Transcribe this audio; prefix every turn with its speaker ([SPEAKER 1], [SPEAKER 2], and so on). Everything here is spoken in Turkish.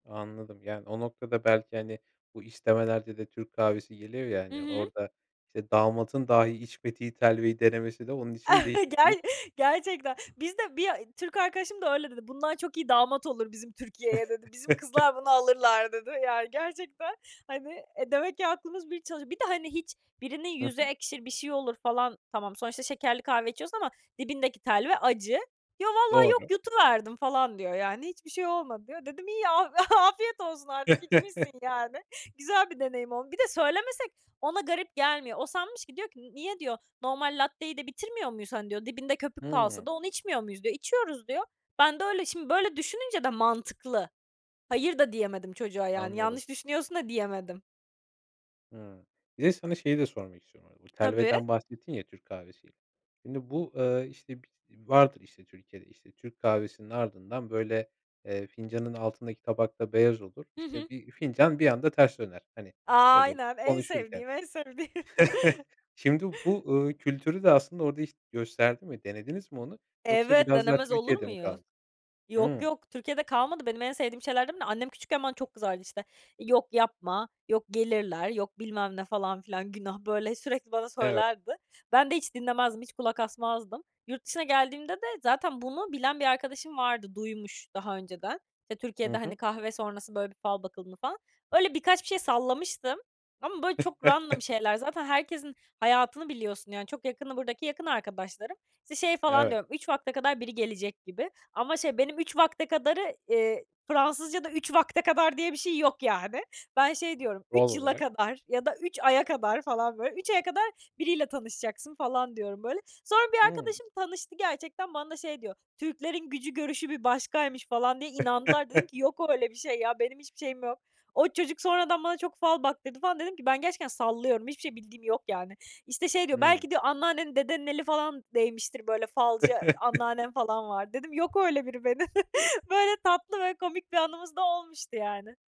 [SPEAKER 1] Anladım, yani, o noktada belki, hani, bu istemelerde de Türk kahvesi geliyor ya,
[SPEAKER 2] Hı
[SPEAKER 1] hani,
[SPEAKER 2] hı.
[SPEAKER 1] orada, işte, damadın dahi içmediği telveyi denemesi de onun için değişik
[SPEAKER 2] Ger
[SPEAKER 1] bir
[SPEAKER 2] gerçekten. Bizde bir Türk arkadaşım da öyle dedi: "Bundan çok iyi damat olur bizim Türkiye'ye." dedi. "Bizim kızlar bunu alırlar." dedi. Ya gerçekten, hani, eee, demek ki aklımız bir çalışıyor. Bir de, hani, hiç birinin
[SPEAKER 1] Hı
[SPEAKER 2] yüzü
[SPEAKER 1] hı.
[SPEAKER 2] ekşir, bir şey olur falan. Tamam, sonuçta şekerli kahve içiyorsun ama dibindeki telve acı. "Yo, valla yok,
[SPEAKER 1] Doğru.
[SPEAKER 2] yutuverdim falan." diyor, yani. "Hiçbir şey olmadı." diyor. Dedim, "İyi, af afiyet olsun artık, içmişsin, yani. Güzel bir deneyim oldu." Bir de söylemesek ona garip gelmiyor. O sanmış ki, diyor ki, "Niye?" diyor. "Normal latteyi de bitirmiyor muyuz, hani?" diyor. "Dibinde köpük kalsa
[SPEAKER 1] Hıı.
[SPEAKER 2] da onu içmiyor muyuz?" diyor. "İçiyoruz." diyor. "Ben de öyle." Şimdi böyle düşününce de mantıklı. Hayır da diyemedim çocuğa yani,
[SPEAKER 1] Anladım.
[SPEAKER 2] "Yanlış düşünüyorsun." da diyemedim.
[SPEAKER 1] Hıı. Bir de sana şeyi de sormak istiyorum, bu arada. Bu
[SPEAKER 2] Tabii.
[SPEAKER 1] telveden bahsettin ya Türk kahvesi. Şimdi bu, eee, işte, bis vardır işte Türkiye'de. İşte, Türk kahvesinin ardından böyle, eee, fincanın altındaki tabak da beyaz olur.
[SPEAKER 2] Hı
[SPEAKER 1] İşte,
[SPEAKER 2] hı.
[SPEAKER 1] bir fincan bir anda ters döner, hani, böyle
[SPEAKER 2] Aynen en
[SPEAKER 1] konuşurken.
[SPEAKER 2] sevdiğim, en sevdiğim.
[SPEAKER 1] Şimdi bu, uuu, kültürü de aslında orada hiç gösterdi mi denediniz mi onu yoksa
[SPEAKER 2] Evet,
[SPEAKER 1] biraz daha
[SPEAKER 2] denemez olur
[SPEAKER 1] Türkiye'de mi
[SPEAKER 2] muyum?
[SPEAKER 1] kaldı?
[SPEAKER 2] Yok,
[SPEAKER 1] Hıı.
[SPEAKER 2] yok, Türkiye'de kalmadı. Benim en sevdiğim şeylerden biri. Annem küçükken bana çok kızardı. İşte "Yok yapma, yok gelirler, yok bilmem ne." falan filan. Günah, böyle sürekli bana
[SPEAKER 1] Evet.
[SPEAKER 2] söylerdi. Ben de hiç dinlemezdim, hiç kulak asmazdım. Yurt dışına geldiğimde de zaten bunu bilen bir arkadaşım vardı. Duymuş daha önceden Türkiye'de,
[SPEAKER 1] Hı hı.
[SPEAKER 2] hani, kahve sonrası böyle bir fal bakıldığını falan. Öyle birkaç bir şey sallamıştım ama böyle çok random şeyler. Zaten herkesin hayatını biliyorsun, yani. Çok yakını buradaki yakın arkadaşlarım. İşte, şey falan
[SPEAKER 1] Evet.
[SPEAKER 2] diyorum, "3 vakte kadar biri gelecek gibi." Ama şey, benim 3 vakte kadarı, eee, Fransızca'da 3 vakte kadar diye bir şey yok, yani. Ben şey diyorum,
[SPEAKER 1] Doğal
[SPEAKER 2] "3 yıla
[SPEAKER 1] olarak.
[SPEAKER 2] kadar ya da 3 aya kadar." falan, böyle. "3 aya kadar biriyle tanışacaksın." falan diyorum, böyle. Sonra bir
[SPEAKER 1] Hıı.
[SPEAKER 2] arkadaşım tanıştı gerçekten. Bana şey diyor: "Türklerin gücü görüşü bir başkaymış." falan diye inandılar. Dedim ki, "Yok öyle bir şey ya, benim hiçbir şeyim yok." O çocuk sonradan bana çok fal baktırdı, falan. Dedim ki, "Ben gerçekten sallıyorum, hiçbir şey bildiğim yok, yani." İşte şey diyor,
[SPEAKER 1] Hıı.
[SPEAKER 2] "Belki diyor, anneannenin, dedenin eli falan değmiştir. Böyle falcı anneannem falan var." Dedim, "Yok öyle biri benim." Böyle tatlı ve komik bir anımız da olmuştu, yani.